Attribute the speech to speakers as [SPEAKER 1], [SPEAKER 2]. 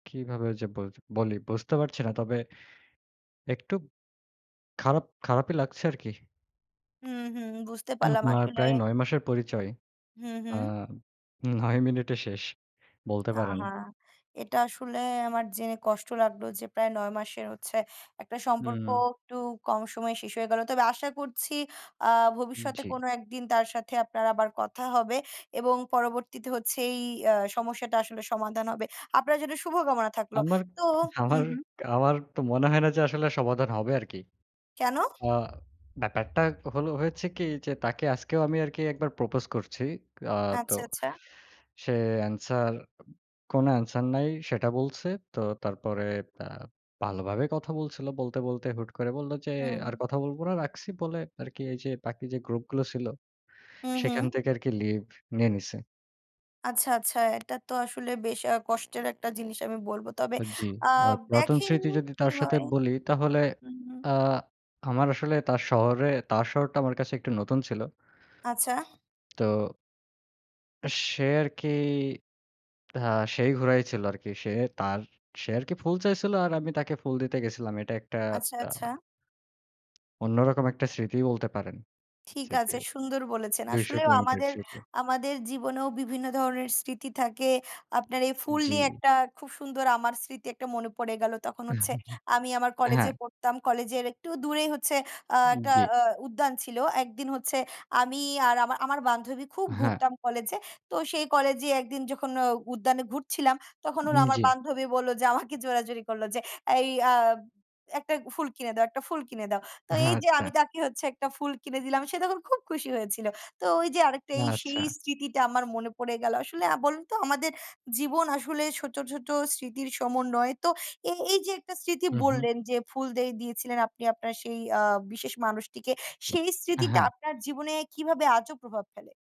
[SPEAKER 1] কিভাবে যে বল বলি বুঝতে পারছি না। তবে একটু খারাপ খারাপই লাগছে আরকি।
[SPEAKER 2] হুম, হুম, বুঝতে পারলাম
[SPEAKER 1] আপনার
[SPEAKER 2] আসলে।
[SPEAKER 1] প্রায় ৯ মাসের পরিচয়।
[SPEAKER 2] হুম,
[SPEAKER 1] আ
[SPEAKER 2] হুম।
[SPEAKER 1] ৯ মিনিটে শেষ। বলতে পারেন।
[SPEAKER 2] আহা! এটা আসলে আমার জেনে কষ্ট লাগল যে প্রায় ৯ মাসের হচ্ছে একটা সম্পর্ক
[SPEAKER 1] হুম।
[SPEAKER 2] একটু কম সময়ে শেষ হয়ে গেল। তবে আশা করছি আ ভবিষ্যতে
[SPEAKER 1] জ্বী।
[SPEAKER 2] কোনো একদিন তার সাথে আপনার আবার কথা হবে এবং পরবর্তীতে হচ্ছে এই আ সমস্যাটা আসলে সমাধান হবে। আপনার জন্য শুভকামনা থাকলো।
[SPEAKER 1] আমার
[SPEAKER 2] তো
[SPEAKER 1] আমার
[SPEAKER 2] হুম, হুম।
[SPEAKER 1] আমার, তো মনে হয় না যে আসলে সমাধান হবে আরকি।
[SPEAKER 2] কেন?
[SPEAKER 1] আ ব্যাপারটা হলো হয়েছে কি যে, তাকে আজকেও আমি আরকি একবার প্রপোজ করছি। আ তো
[SPEAKER 2] আচ্ছা, আচ্ছা।
[SPEAKER 1] সে অ্যানসার কোন অ্যানসার নাই। সেটা বলছে। তো তারপরে তা ভালোভাবেই কথা বলছিল। বলতে, বলতে, হুট করে বললো যে
[SPEAKER 2] হুম।
[SPEAKER 1] আর কথা বলব না। রাখছি, বলে আরকি এই যে বাকি যে গ্রুপ গুলো ছিল,
[SPEAKER 2] হুম, হুম।
[SPEAKER 1] সেখান থেকে আরকি লিভ নিয়ে নিছে।
[SPEAKER 2] আচ্ছা, আচ্ছা, এটা তো আসলে বেশ আ কষ্টের একটা জিনিস আমি বলব। তবে
[SPEAKER 1] জ্বী।
[SPEAKER 2] আ
[SPEAKER 1] আর পুরাতন
[SPEAKER 2] দেখেন
[SPEAKER 1] স্মৃতি যদি
[SPEAKER 2] কি
[SPEAKER 1] তার সাথে
[SPEAKER 2] হয়।
[SPEAKER 1] বলি তাহলে
[SPEAKER 2] হুম।
[SPEAKER 1] আ আমার আসলে তার শহরে তার শহরটা আমার কাছে একটু নতুন ছিল।
[SPEAKER 2] আচ্ছা।
[SPEAKER 1] তো সে আরকি আ সেই ঘুরাই ছিল আরকি। সে তার সে আরকি ফুল চাইছিল আর আমি তাকে ফুল দিতে গেছিলাম। এটা একটা
[SPEAKER 2] আচ্ছা,
[SPEAKER 1] টা
[SPEAKER 2] আচ্ছা।
[SPEAKER 1] অন্যরকম একটা স্মৃতি বলতে পারেন।
[SPEAKER 2] ঠিক
[SPEAKER 1] সিটি
[SPEAKER 2] আছে। সুন্দর বলেছেন।
[SPEAKER 1] ২০০
[SPEAKER 2] আসলেও
[SPEAKER 1] কিলোমিটার
[SPEAKER 2] আমাদের
[SPEAKER 1] সিটি।
[SPEAKER 2] আমাদের জীবনেও বিভিন্ন ধরনের স্মৃতি থাকে। আপনার এই ফুল নিয়ে
[SPEAKER 1] জ্বী।
[SPEAKER 2] একটা খুব সুন্দর আমার স্মৃতি একটা মনে পড়ে গেলো। তখন হচ্ছে আমি আমার
[SPEAKER 1] হ্যাঁ।
[SPEAKER 2] কলেজে পড়তাম। কলেজের একটু দূরে হচ্ছে আ একটা
[SPEAKER 1] জ্বী।
[SPEAKER 2] আ উদ্যান ছিল। একদিন হচ্ছে আমি আর আমার আমার বান্ধবী খুব
[SPEAKER 1] হ্যাঁ।
[SPEAKER 2] ঘুরতাম কলেজে। তো সেই কলেজে একদিন যখন অ উদ্যানে ঘুরছিলাম। তখন
[SPEAKER 1] উম
[SPEAKER 2] ওরা আমার
[SPEAKER 1] জ্বী।
[SPEAKER 2] বান্ধবী বললো যে আমাকে জোরাজুরি করল যে, "এই আ একটা ফুল কিনে দাও একটা ফুল কিনে দাও।" তো এই
[SPEAKER 1] হ্যাঁ,
[SPEAKER 2] যে
[SPEAKER 1] আচ্ছা।
[SPEAKER 2] আমি তাকে হচ্ছে একটা ফুল কিনে দিলাম। সে তখন খুব খুশি হয়েছিল। তো ওই যে আরেকটা এই সেই
[SPEAKER 1] আচ্ছা।
[SPEAKER 2] স্মৃতিটা আমার মনে পড়ে গেল। আসলে আ বলুন তো আমাদের জীবন আসলে ছোট, ছোট, স্মৃতির সমন্বয়। তো এ এই যে একটা স্মৃতি
[SPEAKER 1] হুম, হুম।
[SPEAKER 2] বললেন যে ফুল দে দিয়েছিলেন আপনি আপনার সেই আ বিশেষ মানুষটিকে সেই স্মৃতিটা
[SPEAKER 1] হ্যাঁ।
[SPEAKER 2] আপনার জীবনে কীভাবে আজও প্রভাব ফেলে?